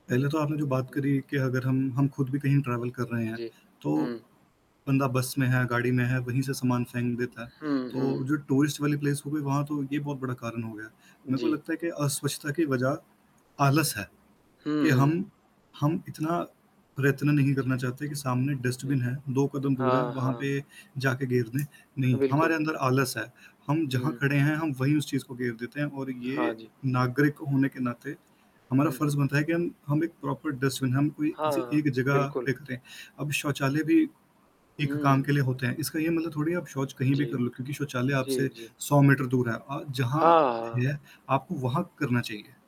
पहले तो आपने जो बात हुँ। करी कि अगर हम हम खुद भी कहीं ट्रैवल कर रहे हैं, जी। तो हुँ। बंदा बस में है, गाड़ी में है, वहीं से सामान फेंक देता है। हुँ, तो हुँ। जो टूरिस्ट वाली प्लेस हो गई, वहाँ तो ये बहुत बड़ा कारण हो गया। मेरे को जी। लगता है कि अस्वच्छता की वजह आलस है, हुँ, कि हुँ। हम हम इतना प्रयत्न नहीं जी। करना चाहते कि सामने जी। डस्टबिन है, 2 कदम दूर है, हाँ, वहाँ पे हाँ। जाके गेर दें, अ, नहीं, हमारे बिल्कुल। अंदर आलस है। हम जहाँ हुँ। खड़े हैं, हम वहीं उस चीज़ को गेर देते हैं और हाँ ये जी। नागरिक होने के नाते हमारा हुँ, हुँ। फ़र्ज़ बनता है कि हम हम 1 प्रॉपर डस्टबिन हम कोई हाँ, किसी हाँ, एक जगह बिल्कुल। पे करें। अब शौचालय भी एक काम हुँ। के लिए होते हैं, इसका ये मतलब थोड़ी आप शौच कहीं जी। भी कर लो, क्योंकि शौचालय जी, आपसे जी। 100 मीटर दूर है अ, जहाँ हाँ, हाँ। है, आपको वहाँ करना चाहिए।